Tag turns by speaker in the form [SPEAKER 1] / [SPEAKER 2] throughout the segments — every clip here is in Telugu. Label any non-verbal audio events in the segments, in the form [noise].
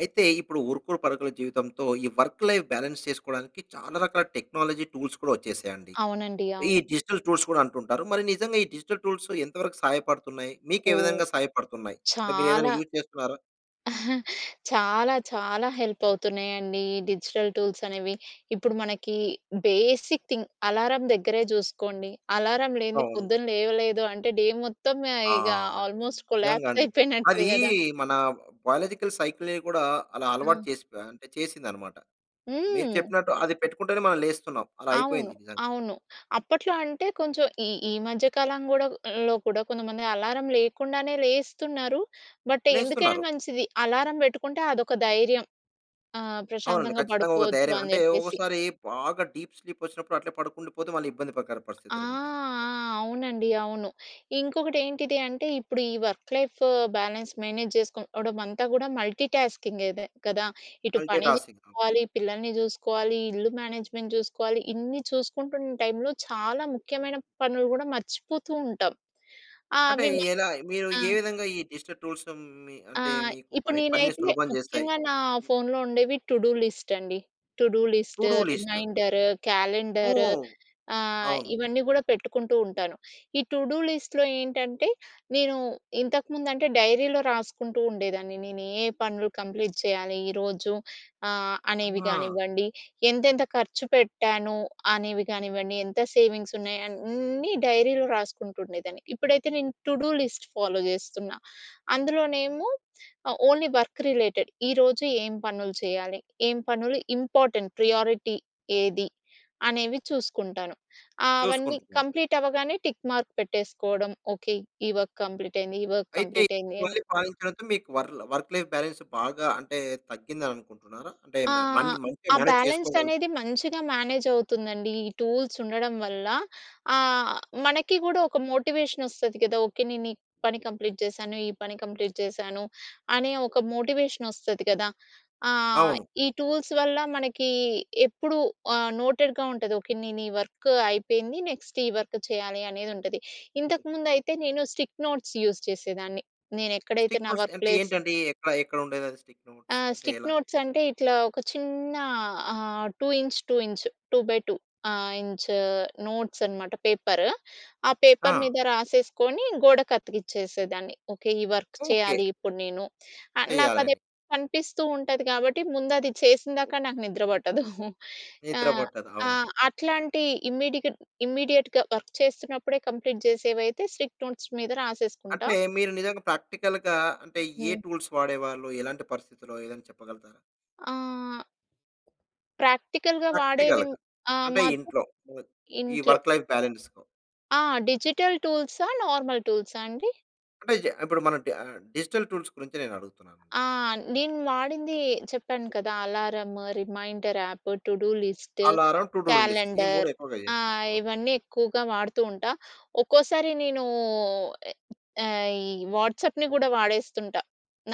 [SPEAKER 1] అయితే, ఇప్పుడు ఉరుకుడు పరుకుల జీవితంతో ఈ వర్క్ లైఫ్ బ్యాలన్స్ చేసుకోవడానికి చాలా రకాల టెక్నాలజీ టూల్స్ కూడా వచ్చేసాయండి.
[SPEAKER 2] అవునండి.
[SPEAKER 1] ఈ
[SPEAKER 2] అవును.
[SPEAKER 1] డిజిటల్ టూల్స్ కూడా అంటుంటారు. మరి నిజంగా ఈ డిజిటల్ టూల్స్ ఎంత వరకు సహాయపడుతున్నాయి. మీకు ఏ
[SPEAKER 2] ఓహ్!
[SPEAKER 1] విధంగా సహాయపడుతున్నాయి? అంటే మీరు ఏదైనా
[SPEAKER 2] చాలా...
[SPEAKER 1] యూజ్ చేస్తున్నారా?
[SPEAKER 2] [giggles] చాలా చాలా హెల్ప్ అవుతున్నాయండి. ఈ డిజిటల్ టూల్స్ అనేవి. ఇప్పుడు మనకి బేసిక్ థింగ్ అలారం దగ్గరే జూసుకోండి. అలారం లేనిది
[SPEAKER 1] అవును.
[SPEAKER 2] పొద్దున్న లేవలేదు అంటే, డే మొత్తం ఆహ్,
[SPEAKER 1] ఆ!
[SPEAKER 2] ఇగ ఆల్మోస్ట్
[SPEAKER 1] నిజంగా
[SPEAKER 2] కొలాప్స్
[SPEAKER 1] అండి.
[SPEAKER 2] [giggles] అయిపోయినట్టే
[SPEAKER 1] అదీ
[SPEAKER 2] గదా!
[SPEAKER 1] మన బయోలాజికల్ సైకిలే కూడా అలా అలవాటు
[SPEAKER 2] ఆ!
[SPEAKER 1] చేసి ప అంటే చేసింది అనమాట. మీరు
[SPEAKER 2] హ్మ్.
[SPEAKER 1] చెప్పినట్టు అది పెట్టుకుంటేనే మనం లేస్తున్నాం. అలా
[SPEAKER 2] అవును.
[SPEAKER 1] అయిపోయింది నిజంగా.
[SPEAKER 2] అవును. అప్పట్లో అంటే కొంచెం ఈ ఈ మధ్య కాలం గూడా లో కూడ కొంతమంది అలారం లేకుండానే లేస్తున్నారు. బట్ ఎందుకైనా
[SPEAKER 1] లేస్తున్నారు.
[SPEAKER 2] మంచిది అలారం బెట్టుకుంటే అదొక ధైర్యం. ఆహ్,
[SPEAKER 1] అవునండి.
[SPEAKER 2] ప్రశాంతంగా
[SPEAKER 1] ఖచ్చితంగా ఒక
[SPEAKER 2] పడుకోపోవచ్చు
[SPEAKER 1] ధైర్యం
[SPEAKER 2] అని
[SPEAKER 1] అంటే,
[SPEAKER 2] జెప్పేసి.
[SPEAKER 1] ఒక్కోసారి బాగా డీప్ స్లీప్ వచ్చినప్పుడు అట్లే పడుకుండిపోతే, మళ్ళీ ఇబ్బంది ప్రకార
[SPEAKER 2] ఆ!
[SPEAKER 1] పరిస్థితులు ఉంటాయి.
[SPEAKER 2] ఆ! అవునండి, అవును. ఇంకొకటి ఏంటిది అంటే, ఇప్పుడు ఈ వర్క్ లైఫ్ బ్యాలెన్స్ మేనేజ్ చేసుకోవడం అంతా గూడా మల్టీటాస్కింగే అదే కదా! ఇటు పని
[SPEAKER 1] మల్టీ‌టాస్కింగ్. ఆ!
[SPEAKER 2] చేసుకోవాలి, పిల్లల్ని జూసుకోవాలి, ఇల్లు మేనేజ్మెంట్ జూసుకోవాలి. ఇన్ని చూసుకుంటున్న టైమ్‌లో చాలా ముఖ్యమైన పనులు గూడా మర్చిపోతూ ఉంటాం. ఆ!
[SPEAKER 1] అంటే
[SPEAKER 2] అవి మ
[SPEAKER 1] ఎలా? మీరు
[SPEAKER 2] ఆ!
[SPEAKER 1] ఏ విధంగా ఈ డిజిటల్ టూల్స్ మీ
[SPEAKER 2] ఆ!
[SPEAKER 1] అంటే మీకు
[SPEAKER 2] ఇప్పుడు
[SPEAKER 1] పని
[SPEAKER 2] నేను
[SPEAKER 1] పనిని
[SPEAKER 2] ఐతే,
[SPEAKER 1] సులభం జేస్తాయి?
[SPEAKER 2] ముక్యం‌గా నా ఫోన్‌లో ఉండేవి టు డు లిస్ట్ అండి. To do
[SPEAKER 1] to
[SPEAKER 2] list,
[SPEAKER 1] do list.
[SPEAKER 2] Reminder, calendar
[SPEAKER 1] ఓహ్!
[SPEAKER 2] ఆహ్,
[SPEAKER 1] అవును.
[SPEAKER 2] ఇవన్నీ గూడా పెట్టుకుంటూ ఉంటాను. ఈ టు డు లిస్ట్‌లో ఏంటంటే, నేను ఇంతకుముందు అంటే డైరీలో రాసుకుంటూ ఉండేదాన్ని. నేను ఏ పనులు కంప్లీట్ చేయాలి ఈరోజు ఆహ్, అనేవి
[SPEAKER 1] ఆ!
[SPEAKER 2] కానివ్వండి. ఎంతెంత ఖర్చు పెట్టాను అనేవి కానివ్వండి. ఎంత సేవింగ్స్ ఉన్నాయి అన్నీ డైరీలో రాసుకుంటుండేదాన్ని. ఇప్పుడైతే నేను టు డు లిస్ట్ ఫాలో జేస్తున్నా. అందులోనేమో ఆహ్, ఓన్లీ వర్క్ రిలేటెడ్. ఈరోజు ఏం పనులు చేయాలి. ఏం పనులు ఇంపార్టెంట్, ప్రియారిటీ ఏది, అనేవి చూసుకుంటాను. ఆహ్, ఆవన్నీ
[SPEAKER 1] చూసుకుంటున్నాడు.
[SPEAKER 2] కంప్లీట్ అవ్వగానే, టిక్ మార్క్ పెట్టేసుకోవడం. ఓకే, ఈ వర్క్ కంప్లీట్ అయింది. ఈ వర్క్
[SPEAKER 1] అయితే
[SPEAKER 2] కంప్లీట్ అయింది అని.
[SPEAKER 1] ఇవన్నీ [unintelligible] మీకు వర్ల్ వర్క్ లైఫ్ బాలన్స్ బాగా అంటే తగ్గింది అని అనుకుంటున్నారా? అంటే
[SPEAKER 2] ఆ!
[SPEAKER 1] మ మం మంచిగా
[SPEAKER 2] ఆ
[SPEAKER 1] మేనేజ్
[SPEAKER 2] బ్యాలెన్స్
[SPEAKER 1] చేసుకోగల్
[SPEAKER 2] అనేది మంచిగా మేనేజ్ అవుతుందండి. ఈ టూల్స్ ఉండడం వల్ల. ఆహ్, మనకి గూడా ఒక మోటివేషన్ వస్తుది కదా! ఓకే నేను ఈ పని కంప్లీట్ జేసాను. ఈ పని కంప్లీట్ జేసాను. అనే ఒక మోటివేషన్ వస్తుంది గదా! ఆ!
[SPEAKER 1] అవును.
[SPEAKER 2] ఈ టూల్స్ వల్ల మనకి ఎప్పుడు ఆహ్, నోటెడ్‌గా ఉంటది. ఓకే నేను ఈ వర్క్ అయిపోయింది. నెక్స్ట్ ఈ వర్క్ చేయాలి అనేది ఉంటది. ఇంతకుముందు అయితే నేను స్టిక్ నోట్స్ యూజ్ చేసేదాన్ని. నేను ఎక్కడైతే
[SPEAKER 1] స్టిక్
[SPEAKER 2] నా
[SPEAKER 1] నోట్స్
[SPEAKER 2] వర్క్
[SPEAKER 1] అంటే
[SPEAKER 2] ప్లేస్
[SPEAKER 1] ఏంటండీ? ఎట్లా ఎక్కడ ఉండేది అది, స్టిక్
[SPEAKER 2] ఆ!
[SPEAKER 1] నోట్స్. అంటే
[SPEAKER 2] స్టిక్
[SPEAKER 1] ఎలా?
[SPEAKER 2] నోట్స్ అంటే, ఇట్లా ఒక చిన్నా ఆహ్, two inch, two inch. Two by two ah, inch notes అనమాట పేపర్. ఆ పేపర్
[SPEAKER 1] ఆ!
[SPEAKER 2] మీద రాసేసుకొని గోడ కత్తికిచ్చేసేదాన్ని. ఓకే ఈ వర్క్
[SPEAKER 1] ఓకే.
[SPEAKER 2] చేయాలి ఇప్పుడు నేను. ఆహ్, నాకు అది
[SPEAKER 1] చేయాలని.
[SPEAKER 2] ఎప్పుడు కనిపిస్తూ ఉంటది కాబట్టి ముందు అది చేసిందాకా నాకు నిద్ర బట్టదు. [giggles] ఆ!
[SPEAKER 1] నిద్ర పట్టదు.
[SPEAKER 2] ఆ!
[SPEAKER 1] అవును.
[SPEAKER 2] అట్లాంటి ఇమ్మీడికడ్ ఇమ్మీడియేట్‌గా వర్క్ చేస్తున్నప్పుడే కంప్లీట్ జేసేవైతే, స్ట్రిక్ట్ నోట్స్ మీద రాసేసుకుంటా.
[SPEAKER 1] అంటే మీరు నిజంగా ప్రాక్టికల్‌గా అంటే ఏ
[SPEAKER 2] హ్మ్.
[SPEAKER 1] టూల్స్ వాడేవాళ్ళు, ఎలాంటి పరిస్థితుల్లో ఏదైనా చెప్పగలుగుతారా?
[SPEAKER 2] ఆ! ప్రాక్టికల్‌గా వాడేవి
[SPEAKER 1] ప్రాక్టికల్‌గా
[SPEAKER 2] ఆ!
[SPEAKER 1] అంటే
[SPEAKER 2] మాకూ
[SPEAKER 1] ఇంట్లో. ఆహ్, ఈ
[SPEAKER 2] ఇంట్లో.
[SPEAKER 1] వర్క్ లైఫ్ బాలన్స్‌లో.
[SPEAKER 2] ఆ! డిజిటల్ టూల్సా, నార్మల్ టూల్సా అండి?
[SPEAKER 1] అంటే, జ ఇప్పుడు మనం డ ఆహ్, డిజిటల్ టూల్స్ గురించి నేను అడుగుతున్నానండి.
[SPEAKER 2] ఆ! నేను వాడింది చెప్పాను కదా alarm, reminder app, to do list,
[SPEAKER 1] alarm, to do list. ఈ 3
[SPEAKER 2] క్యాలెండర్
[SPEAKER 1] ఎక్కువగా
[SPEAKER 2] ఆ!
[SPEAKER 1] చేస్తారు. అవును.
[SPEAKER 2] ఇవన్నీ ఎక్కువగా వాడుతూ ఉంటా. ఒక్కోసారి నేనూ ఆహ్, ఈ వాట్సాప్‌ని కూడా వాడేస్తుంట.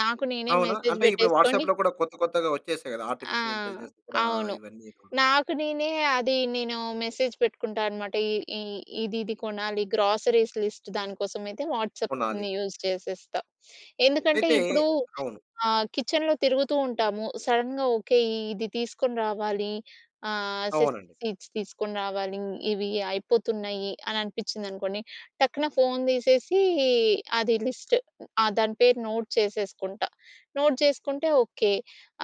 [SPEAKER 2] నాకు నేనే
[SPEAKER 1] అవునా?
[SPEAKER 2] మెసేజ్
[SPEAKER 1] అంటే, ఇప్పుడు
[SPEAKER 2] బెట్టేసుకొని
[SPEAKER 1] వాట్సాప్‌లో కూడా కొత్త, కొత్తగా వచ్చేసాయి కదా.
[SPEAKER 2] ఆ!
[SPEAKER 1] ఆర్టిఫిషియల్ ఇంటెలిజెన్స్ కూడా
[SPEAKER 2] అవును.
[SPEAKER 1] ఇవన్నీ కూడాను.
[SPEAKER 2] నాకు నేనే, అది నేను మెసేజ్ పెట్టుకుంటా అనమాట. ఈ ఈ ఇది, ఇది కొనాలి. గ్రోసరీస్ లిస్ట్ దానికోసమైతే
[SPEAKER 1] కొనాలి.
[SPEAKER 2] వాట్సాప్‌ని యూజ్ చేసేస్తా. [sniffs] ఎందుకంటే,
[SPEAKER 1] అయితే
[SPEAKER 2] ఇప్పుడూ
[SPEAKER 1] అవును.
[SPEAKER 2] ఆహ్, కిచెన్‌లో తిరుగుతూ ఉంటాము. సడెన్‌గా ఓకే, ఇది తీసుకొని రావాలి. ఆహ్, సెసమీ
[SPEAKER 1] అవునండి.
[SPEAKER 2] సీడ్స్ తీసుకొని రావాలి. ఇవి అయిపోతున్నాయి, అని అనిపించింది అనుకోండి. టక్కున ఫోన్ దీసేసీ, అది లిస్ట్ ఆహ్, దాని పేరు నోట్ చేసేసుకుంట. నోట్ చేసుకుంటే ఓకే.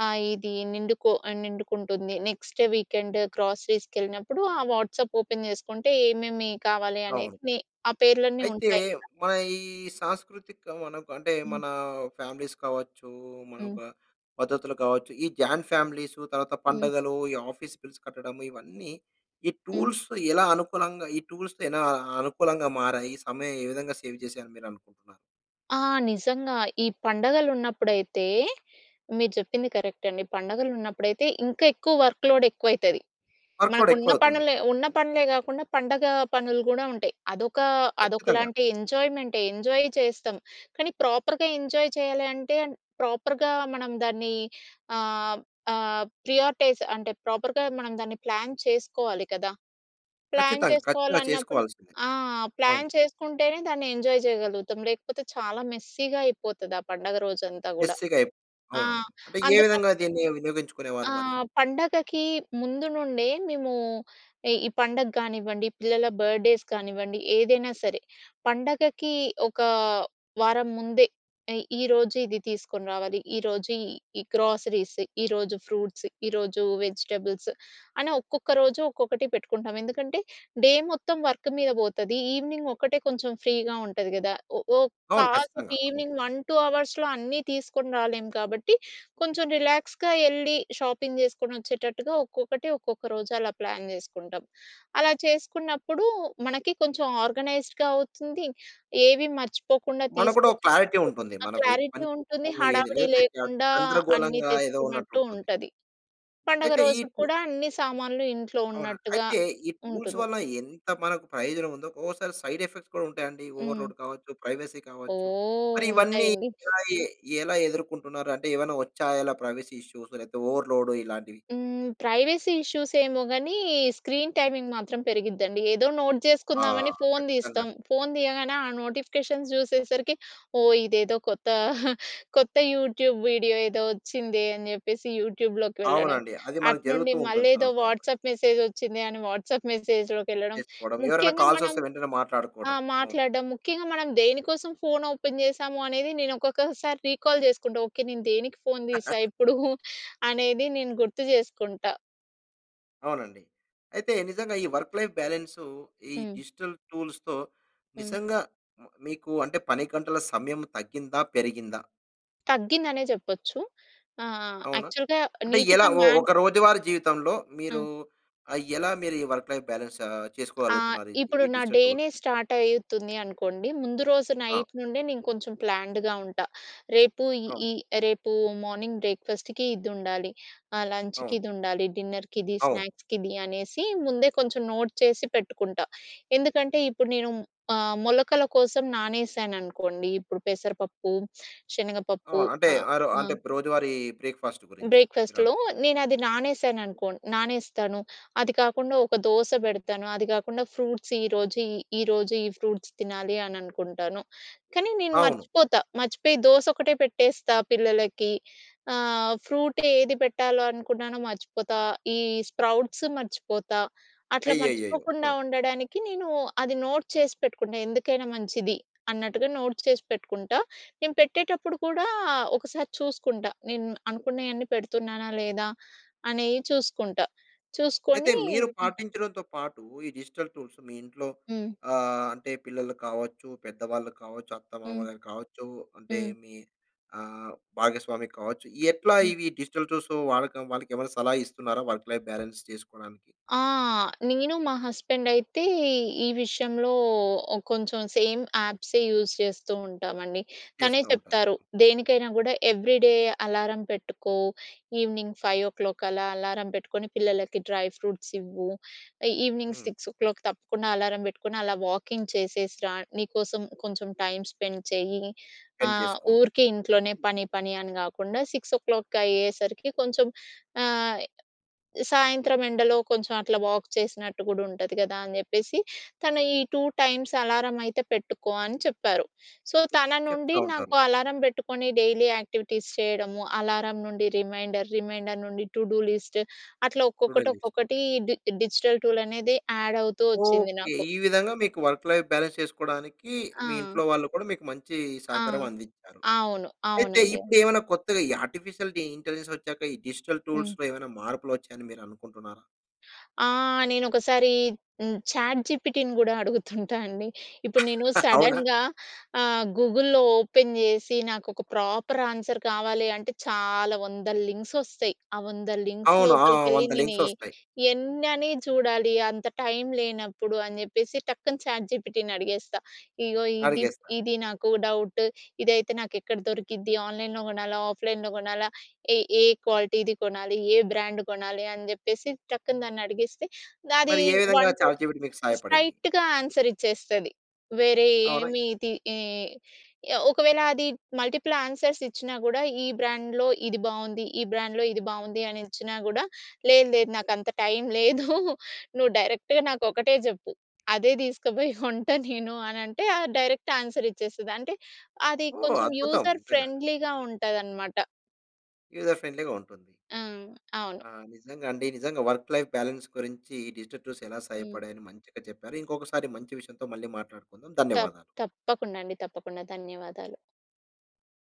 [SPEAKER 2] ఆహ్, ఇది నిండుకొ ఆహ్, నిండుకుంటుంది. Next weekend గ్రోసరీస్‌కెళ్ళినప్పుడు. ఆ వాట్సాప్ ఓపెన్ జేసుకుంటే, ఏమేమి కావాలి
[SPEAKER 1] అవును.
[SPEAKER 2] అన్నిట్ని ఆ పేర్లన్నీ
[SPEAKER 1] అయితే,
[SPEAKER 2] ఉంటాయి కదా.
[SPEAKER 1] మన ఈ సాంస్కృతిక మనకు అంటే,
[SPEAKER 2] హ్మ్.
[SPEAKER 1] మన ఫ్యామిలీస్ కావచ్చు, మన
[SPEAKER 2] హ్మ్.
[SPEAKER 1] ఒక పద్ధతులు కావచ్చు. ఈ జాయింట్ ఫ్యామిలీస్సు తర్వాత
[SPEAKER 2] హ్మ్.
[SPEAKER 1] పండగలు. ఈ ఆఫీస్ బిల్స్ కట్టడం. ఇవన్నీ, ఈ
[SPEAKER 2] హ్మ్.
[SPEAKER 1] టూల్స్ ఎలా అనుకూలంగా, ఈ టూల్స్ ఎలా అనుకూలంగా మారాయి. సమయం ఏ విధంగా సేవ్ చేసారని మీరు అనుకుంటున్నారు?
[SPEAKER 2] ఆ! నిజంగా. ఈ పండగలున్నప్పుడైతే, మీరు చెప్పింది కరెక్ట్ అండి. పండగలున్నప్పుడైతే ఇంకా ఎక్కువ వర్క్‌లోడ్ ఎక్కువైతది.
[SPEAKER 1] వర్క్‌లోడ్
[SPEAKER 2] మనకున్న
[SPEAKER 1] ఎక్కువ అవుతుంది.
[SPEAKER 2] పనులే ఉన్న పనులే గాకుండా, పండగ పనులు గూడా ఉంటాయి. అదొక
[SPEAKER 1] కచ్చితంగా.
[SPEAKER 2] అదొకలాంటి ఎంజాయ్మెంటే ఎంజాయ్ చేస్తాం. కానీ ప్రాపర్‌గా ఎంజాయ్ చేయాలి అంటే, ప్రాపర్‌గా మనం దాన్ని ఆహ్, ఆహ్, ప్రియారిటైజ్ అంటే, ప్రాపర్‌గా మనం దాన్ని ప్లాన్ చేసుకోవాలి కదా! ప్లాన్
[SPEAKER 1] ఖచ్చితంగా. ఖచ్చితంగా
[SPEAKER 2] చేసుకోవాలన్నప్పుడు
[SPEAKER 1] చేసుకోవాల్సిందే.
[SPEAKER 2] ఆ!
[SPEAKER 1] ఆవును.
[SPEAKER 2] ప్లాన్ చేసుకుంటేనే, దాన్ని ఎంజాయ్ జేయగలుగుతాం. లేకపోతే చాలా మెస్సీ‌గా అయిపోతది. ఆ పండగ రోజంతా గూడా.
[SPEAKER 1] మెస్సీ‌గా అయిప్
[SPEAKER 2] ఆ!
[SPEAKER 1] అవునవును. అంటే ఏ
[SPEAKER 2] అందుకని
[SPEAKER 1] విధంగా దీన్ని వినియోగించుకునేవాళ్ళు
[SPEAKER 2] ఆ!
[SPEAKER 1] మరి?
[SPEAKER 2] పండగకి ముందు నుండే మేమూ, ఇ ఈ పండగ గానివ్వండి, పిల్లల బర్త్డేస్ కానివ్వండి. ఏదైనా సరే, పండగకి ఒక వారం ముందే ఎ ఈరోజు ఇది తీసుకొని రావాలి, ఈరోజు ఈ గ్రోసరీస్, ఈరోజు ఫ్రూట్స్, ఈరోజు వెజిటబుల్స్ అని ఒక్కొక్క రోజు ఒక్కొక్కటి పెట్టుకుంటాం. ఎందుకంటే, డే మొత్తం వర్క్ మీద బోతది. ఈవెనింగ్ ఒక్కటే కొంచెం ఫ్రీగా ఉంటది గదా! ఒ ఓ
[SPEAKER 1] అవును.
[SPEAKER 2] కాసేపు
[SPEAKER 1] ఖచ్చితంగా, అవును.
[SPEAKER 2] ఈవెనింగ్ 1, 2 అవర్స్‌లో అన్నీ తీసుకొని రాలేము కాబట్టి, కొంచెం రిలాక్స్‌గా ఎళ్ళి షాపింగ్ జేసుకొని వచ్చేటట్టుగా. ఒక్కొక్కటి ఒక్కొక్క రోజు అలా ప్లాన్ జేసుకుంటాం. అలా చేసుకున్నప్పుడు, మనకి కొంచెం ఆర్గనైజ్డ్‌గా అవుతుంది. ఏవి మర్చిపోకుండా
[SPEAKER 1] మనకు గూడా ఒక
[SPEAKER 2] తీసుకొచ్చినట్టు
[SPEAKER 1] క్లారిటీ ఉంటుంది.
[SPEAKER 2] ఆ
[SPEAKER 1] మనకు ఈ
[SPEAKER 2] క్లారిటీ
[SPEAKER 1] పని [unintelligible]
[SPEAKER 2] ఉంటుంది. హడావిడి
[SPEAKER 1] లేకపోతే గ
[SPEAKER 2] లేకుండా అన్నీ
[SPEAKER 1] గందరగోళంగా ఏదో ఉన్నట్టు
[SPEAKER 2] తెచ్చుకున్నట్టు
[SPEAKER 1] ఉంటుంది.
[SPEAKER 2] ఉంటది. పండుగ
[SPEAKER 1] అయితే ఈ
[SPEAKER 2] రోజు
[SPEAKER 1] పు
[SPEAKER 2] కూడా అన్ని సామాన్లు ఇంట్లో
[SPEAKER 1] అవునా?
[SPEAKER 2] ఉన్నట్టుగా
[SPEAKER 1] అయితే ఈ టూల్స్
[SPEAKER 2] ఉంటుంది.
[SPEAKER 1] వల్ల ఎంత మనకు ప్రయోజనం ఉందో, ఒకోసారి సైడ్ ఎఫెక్ట్స్ కూడా ఉంటాయండి.
[SPEAKER 2] హ్మ్.
[SPEAKER 1] ఓవర్‌లోడ్ కావచ్చు, ప్రైవసీ కావచ్చు.
[SPEAKER 2] ఓహ్!
[SPEAKER 1] మరి ఇవన్నీ
[SPEAKER 2] ఉంటాయండి.
[SPEAKER 1] ఎలా ఈ ఎలా ఎదుర్కుంటున్నారు? అంటే ఏవైనా వచ్చాయా ఇలా ప్రైవసీ ఇష్యూస్ లేకపోతే ఓవర్‌లోడ్ ఇలాంటివి?
[SPEAKER 2] హ్మ్. ప్రైవసీ ఇష్యూస్ ఏమో గానీ, స్క్రీన్ టైమింగ్ మాత్రం పెరిగిద్దండి. ఏదో నోట్
[SPEAKER 1] ఆ!
[SPEAKER 2] జేసుకుందామని ఫోన్
[SPEAKER 1] కచ్చితంగా అండి.
[SPEAKER 2] తీస్తాం. ఫోన్ తీయగానే ఆ నోటిఫికేషన్స్ జూసేసరికి, ఓహ్! ఇదేదో కొత్త [giggles] కొత్త యూట్యూబ్ వీడియో ఏదో వచ్చిందే అని జేప్పేసి యూట్యూబ్‌లోకి వెళ్ళడం.
[SPEAKER 1] అవునండి. అది మనకు
[SPEAKER 2] అటునుండి
[SPEAKER 1] జరుగుతూ ఉంటుంది.
[SPEAKER 2] మళ్ళీ ఏదో
[SPEAKER 1] సర్వ సాదారణంగా.
[SPEAKER 2] వాట్సాప్ మెసేజ్ వచ్చింది అని వాట్సాప్ మెసేజ్‌లోకెళ్ళడం.
[SPEAKER 1] చేసుకోడం. ఎవరైనా
[SPEAKER 2] ముఖ్యంగా
[SPEAKER 1] కాల్స్
[SPEAKER 2] మనం
[SPEAKER 1] వస్తే వెంటనే
[SPEAKER 2] ఆ!
[SPEAKER 1] మాట్లాడుకోడం. అవును.
[SPEAKER 2] మాట్లాడ్డం. ముఖ్యంగా మనం దేనికోసం ఫోన్ ఓపెన్ జేసాము అనేది నేను ఒక్కొక్కసారి రీకాల్ జేసుకుంటా. ఓకే, నేను దేనికి ఫోన్ దీసా
[SPEAKER 1] [chuckles]
[SPEAKER 2] ఇప్పుడూ [giggles] అనేది నేను గుర్తు జేసుకుంటా.
[SPEAKER 1] అవునండి. అయితే నిజంగా ఈ వర్క్ లైఫ్ బాలన్సు ఈ
[SPEAKER 2] హ్మ్.
[SPEAKER 1] డిజిటల్ టూల్స్‌తో
[SPEAKER 2] హ్మ్.
[SPEAKER 1] నిజంగా మ మీకు అంటే పని గంటల సమయం తగ్గిందా? పెరిగిందా?
[SPEAKER 2] తగ్గిందనే చెప్పొచ్చు. ఆహ్,
[SPEAKER 1] అవునా?
[SPEAKER 2] యాక్చువల్‌గా
[SPEAKER 1] అంటే ఎలా
[SPEAKER 2] నీట్‌గా
[SPEAKER 1] ఓ
[SPEAKER 2] మాన్
[SPEAKER 1] ఒక రోజువారీ జీవితంలో, మీరు
[SPEAKER 2] అ!
[SPEAKER 1] ఆహ్, ఎలా మీరు ఈ వర్క్ లైఫ్ బాలన్స్
[SPEAKER 2] ఆ!
[SPEAKER 1] చేసుకోగలుగుతున్నారు
[SPEAKER 2] ఇప్పుడు
[SPEAKER 1] ఈ
[SPEAKER 2] నా
[SPEAKER 1] డిజిటల్
[SPEAKER 2] డేనే
[SPEAKER 1] టూల్స్‌తో?
[SPEAKER 2] స్టార్ట్ అయితుంది అనుకోండి. ముందు రోజు
[SPEAKER 1] ఆ!
[SPEAKER 2] నైట్ నుండే నేను కొంచెం ప్లాన్డ్‌గా ఉంటా. రేపు
[SPEAKER 1] ఆ!
[SPEAKER 2] ఈ, రేపు మార్నింగ్ బ్రేక్‌ఫాస్ట్‌కి ఇదుండాలి. ఆహ్, లంచ్‌కి
[SPEAKER 1] అవును.
[SPEAKER 2] ఇదుండాలి. డిన్నర్‌కి ఇది,
[SPEAKER 1] అవును.
[SPEAKER 2] స్నాక్స్‌కి ఇది అనేసి ముందే కొంచెం నోట్ చేసి పెట్టుకుంటా. ఎందుకంటే ఇప్పుడు నేను ఆహ్, మొలకల కోసం నానేశాననుకోండి ఇప్పుడు పెసరపప్పు, శనగపప్పు
[SPEAKER 1] అవును. అంటే
[SPEAKER 2] ఆహ్,
[SPEAKER 1] ఆరో
[SPEAKER 2] ఆ!
[SPEAKER 1] అంటే రోజువారీ బ్రేక్‌ఫాస్ట్ గురించి. మీరు
[SPEAKER 2] బ్రేక్‌ఫాస్ట్‌లో
[SPEAKER 1] అంటున్నారు?
[SPEAKER 2] నేను అది నానేసాను అనుకోన్ నానేస్తాను. అది కాకుండా ఒక దోస పెడతాను. అది కాకుండా ఫ్రూట్స్ ఈరోజు, ఈ ఈరోజు ఈ ఫ్రూట్స్ తినాలి అని అనుకుంటాను. కానీ నేను
[SPEAKER 1] అవును.
[SPEAKER 2] మర్చిపోతా. మర్చిపోయి దోసొక్కటే పెట్టేస్తా పిల్లలకి. ఆహ్, ఫ్రూట్ ఏది పెట్టాలో అనుకున్నానో మర్చిపోతా. ఈ స్ప్రౌట్స్ మర్చిపోతా. అట్లా
[SPEAKER 1] అయ్యయ్యయ్యో!
[SPEAKER 2] మర్చిపోకుండా
[SPEAKER 1] హా!
[SPEAKER 2] ఉండడానికి నేను అది నోట్ చేసి పెట్టుకుంటా. ఎందుకైనా మంచిది, అన్నట్టుగా నోట్ చేసి పెట్టుకుంటా. నేను పెట్టేటప్పుడు కూడా ఒకసారి చూసుకుంటా. నేను అనుకున్నయన్నీ పెడుతున్నానా? లేదా అనే చూసుకుంటా?
[SPEAKER 1] అయితే
[SPEAKER 2] చూసుకొని
[SPEAKER 1] మీరు
[SPEAKER 2] హ్మ్.
[SPEAKER 1] పాటించడంతో పాటు, ఈ డిజిటల్ టూల్స్ మీ ఇంట్లో
[SPEAKER 2] హ్మ్.
[SPEAKER 1] ఆహ్, అంటే పిల్లలు కావచ్చు. పెద్దవాళ్ళు కావచ్చు,
[SPEAKER 2] హ్మ్.
[SPEAKER 1] అత్తమామలు కావచ్చు, అంటే
[SPEAKER 2] హ్మ్.
[SPEAKER 1] మీ ఆహ్, భాగస్వామి కావచ్చు. ఎట్లా
[SPEAKER 2] హ్మ్.
[SPEAKER 1] ఇవి డిజిటల్ టూల్స్ వాళ్ళకి, వాళ్ళకి ఏమైనా సలహా ఇస్తున్నారా? వర్క్ లైఫ్ బాలన్స్ చేసుకోవడానికి?
[SPEAKER 2] ఆ! నేను మా హస్బెండ్ అయితే ఈ విషయంలో ఓ కొంచెం సేమ్ యాప్సే యూస్ చేస్తూ ఉంటామండి. తనే
[SPEAKER 1] చేస్తా ఉంటారు.
[SPEAKER 2] చెప్తారు. దేనికైనా కూడా ఎవ్రి డే అలారం పెట్టుకో, ఈవెనింగ్ 5:00 అలా అలారం పెట్టుకొని పిల్లలకి డ్రై ఫ్రూట్స్ ఇవ్వు ఈవెనింగ్
[SPEAKER 1] హ్మ్.
[SPEAKER 2] 6:00 తప్పకుండా అలారం పెట్టుకొని అలా వాకింగ్ చేసేసి రా. నీకోసం కొంచెం టైమ్ స్పెండ్ చేయి.
[SPEAKER 1] సెండ్
[SPEAKER 2] ఆహ్,
[SPEAKER 1] చేసుకో.
[SPEAKER 2] ఊరికే ఇంట్లోనే పని, పని, అని కాకుండా 6:00 అయ్యేసరికి కొంచెం ఆహ్, సాయంత్రం ఎండలో కొంచెం అట్ల వాక్ చేసినట్టు కూడా ఉంటది కదా! అని చెప్పేసి తను ఈ 2 టైమ్స్ అలారం అయితే పెట్టుకో అని చెప్పారు. సో, తన నుండి
[SPEAKER 1] చెప్తా
[SPEAKER 2] నాకు
[SPEAKER 1] ఉంటారు.
[SPEAKER 2] అలారం పెట్టుకొని డైలీ యాక్టివిటీస్ చేయడము అలారం నుండి రిమైండర్, రిమైండర్ నుండి టూ డూ లిస్ట్ అట్లా
[SPEAKER 1] టుడే
[SPEAKER 2] ఒక్కొక్కటి,
[SPEAKER 1] లిస్ట్.
[SPEAKER 2] ఒక్కొక్కటి డి డిజిటల్ టూల్ అనేది యాడ్ అవుతూ వచ్చింది
[SPEAKER 1] ఓకే.
[SPEAKER 2] నాకు.
[SPEAKER 1] ఈ విధంగా మీకు వర్క్ లైఫ్ బాలన్స్ చేసుకోవడానికి, మీ
[SPEAKER 2] ఆ!
[SPEAKER 1] ఇంట్లో వాళ్ళు కూడా మీకు మంచి
[SPEAKER 2] ఆ!
[SPEAKER 1] సహకారం అందించారు.
[SPEAKER 2] అవును.
[SPEAKER 1] అయితే
[SPEAKER 2] అవునండి,
[SPEAKER 1] ఇప్పుడు
[SPEAKER 2] అవును.
[SPEAKER 1] ఏమైనా కొత్తగా ఈ ఆర్టిఫిషియల్ ఇ ఇంటెలిజెన్స్ వచ్చాక ఈ డిజిటల్
[SPEAKER 2] హ్మ్.
[SPEAKER 1] టూల్స్‌లో ఏమైనా మార్పులు వచ్చాయని మీరనుకుంటున్నారా?
[SPEAKER 2] ఆ! నేను ఒకసారి హ్మ్, చాట్ జీపీటీని కూడా అడుగుతుంటా అండి. ఇప్పుడు నేను
[SPEAKER 1] [laughs] అవునా?
[SPEAKER 2] సడన్‌గా ఆహ్, గూగుల్‌లో ఓపెన్ చేసి నాకు ఒక ప్రాపర్ ఆన్సర్ కావాలి అంటే, చాలా 100ల లింక్స్ ఒస్తయి. ఆ 100 లింక్స్
[SPEAKER 1] అవును. ఆ!
[SPEAKER 2] లోపలికెళ్లి
[SPEAKER 1] 100
[SPEAKER 2] నేను
[SPEAKER 1] లింక్స్
[SPEAKER 2] ఎ
[SPEAKER 1] వస్తాయి.
[SPEAKER 2] ఎన్నని చూడాలి. అంత టైమ్ లేనప్పుడు అని చెప్పేసి, టక్కున చాట్ జీపీటీని అడిగేస్తా. ఇగో ఇది,
[SPEAKER 1] అడిగేస్తారు.
[SPEAKER 2] ఇది నాకు డౌట్. ఇదైతే నాకు ఎక్కడ దొరికిద్ది. ఆన్‌లైన్‌లో కొనాలా? ఆఫ్‌లైన్‌లో కొనాలా? ఏ, ఏ క్వాలిటీది కొనాలి? ఏ బ్రాండ్ కొనాలి? అని చెప్పేసి టక్కున దాన్ని అడిగిస్తే, అది
[SPEAKER 1] మరి ఏ విధంగా
[SPEAKER 2] 1, 2
[SPEAKER 1] చాట్‌ జీపీటీ మీకు సహాయపడింది?
[SPEAKER 2] స్ట్రెయిట్‌గా ఆన్సర్ ఇచ్చేస్తది. వేరే
[SPEAKER 1] అవునా?
[SPEAKER 2] ఏమి తి ఈ ఒకవేళ అది మల్టిపుల్ ఆన్స్‌ర్స్ ఇచ్చినా కూడా, ఈ బ్రాండ్‌లో ఇది బాగుంది. ఈ బ్రాండ్‌లో ఇది బాగుంది అని ఇచ్చినా కూడా, లేదు లేదు. నాకు అంత టైమ్ లేదు. నువ్వు డైరెక్ట్‌గా నాకు ఒకటే చెప్పు. అదే తీస్కపోయి [giggles] కొంటా నేను అనంటే, డైరెక్ట్ ఆన్సర్ ఇచ్చేస్తది. అంటే అది
[SPEAKER 1] ఓహ్!
[SPEAKER 2] కొంచెం
[SPEAKER 1] అద్భుతం.
[SPEAKER 2] యూజర్
[SPEAKER 1] నిజంగా.
[SPEAKER 2] ఫ్రెండ్లీగా ఉంటదనమాట.
[SPEAKER 1] యూజర్ ఫ్రెండ్లీగా ఉంటుంది.
[SPEAKER 2] ఆ! అవును.
[SPEAKER 1] ఆ! నిజంగా అండి నిజంగా. వర్క్ లైఫ్ బాలన్స్ గురించి డిజిటల్ టూల్స్ ఎలా
[SPEAKER 2] హ్మ్.
[SPEAKER 1] సహాయపడ్డాయి అని మంచిగా చెప్పారు. ఇంకొకసారి మంచి విషయంతో మళ్ళి మాట్లాడుకుందాం.
[SPEAKER 2] తప్ప
[SPEAKER 1] ధన్యవాదాలు.
[SPEAKER 2] తప్పకుండా అండి. తప్పకుండా. ధన్యవాదాలు.